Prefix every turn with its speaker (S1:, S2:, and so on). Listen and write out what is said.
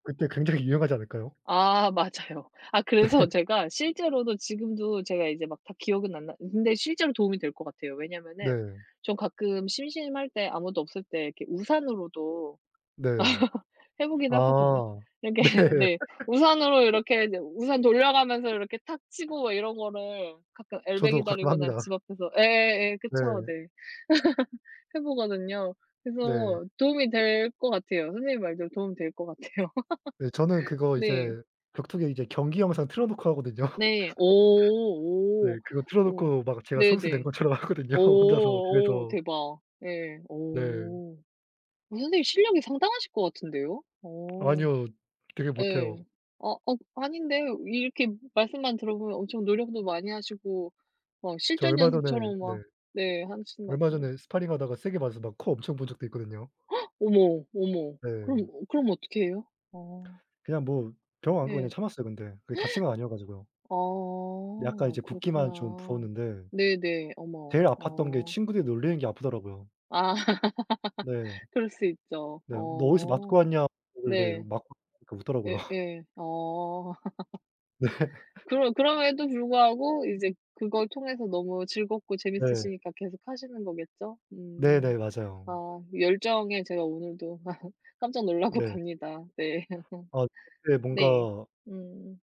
S1: 그때 굉장히 유용하지 않을까요?
S2: 아 맞아요. 아
S1: 네.
S2: 그래서 제가 실제로도 지금도 제가 이제 막 다 기억은 안 나 근데 실제로 도움이 될 것 같아요. 왜냐하면은
S1: 네.
S2: 전 가끔 심심할 때 아무도 없을 때 이렇게 우산으로도
S1: 네.
S2: 해 보긴 하거든요.
S1: 아.
S2: 이렇게
S1: 네.
S2: 네 우산으로 이렇게 이제 우산 돌려가면서 이렇게 탁 치고 막 이런 거를 가끔 엘베
S1: 저도 가끔
S2: 기다리거나
S1: 합니다.
S2: 집 앞에서 예예 그쵸
S1: 네.
S2: 네 해 보거든요.
S1: 네.
S2: 그래서 도움이 될 것 같아요. 선생님 말대로 도움이 될 것 같아요.
S1: 네. 저는 그거
S2: 네.
S1: 이제 격투기 이제 경기 영상 틀어 놓고 하거든요.
S2: 네
S1: 네
S2: 오 오.
S1: 그거 틀어
S2: 오
S1: 놓고 막 제가 선수 된
S2: 네네.
S1: 것처럼 하거든요,
S2: 어
S1: 혼자서
S2: 어
S1: 집에서.
S2: 대박. 예 어
S1: 네.
S2: 어 선생님 실력이 상당하실 것 같은데요? 어
S1: 아니요. 되게 못해요.
S2: 예 아 어 아닌데 이렇게 말씀만 들어보면 엄청 노력도 많이 하시고 막
S1: 저
S2: 실전
S1: 얼마 전에
S2: 연습처럼
S1: 네
S2: 막 네 하시는 것
S1: 얼마
S2: 같은데.
S1: 전에 스파링하다가 세게 맞아서 막 코 엄청 부은 적도 있거든요.
S2: 어머, 어머 그럼
S1: 네.
S2: 그럼 어떻게 해요? 아.
S1: 그냥 뭐 병원 안 가고 그냥
S2: 예.
S1: 참았어요. 근데 그게 다친 건 아니어 가지고요.
S2: 아
S1: 약간 이제 붓기만 좀
S2: 그렇구나.
S1: 부었는데
S2: 네네.
S1: 제일
S2: 어머.
S1: 아팠던 게
S2: 어.
S1: 친구들이 놀리는 게 아프더라고요.
S2: 아
S1: 네.
S2: 그럴 수 있죠.
S1: 네. 너 어디서 맞고
S2: 어
S1: 왔냐 그러길래
S2: 네.
S1: 맞고 [unintelligible] 그러니까 웃더라고요.
S2: 예예. 어.
S1: 네.
S2: 그럼 그럼에도 불구하고 이제 그걸 통해서 너무 즐겁고
S1: 네.
S2: 재밌으시니까 계속하시는 거겠죠? 음.
S1: 네네 맞아요.
S2: 아 열정에 제가 오늘도 깜짝 놀라고
S1: 네.
S2: 갑니다. 네.
S1: 아 근데
S2: 네.
S1: 뭔가
S2: 음.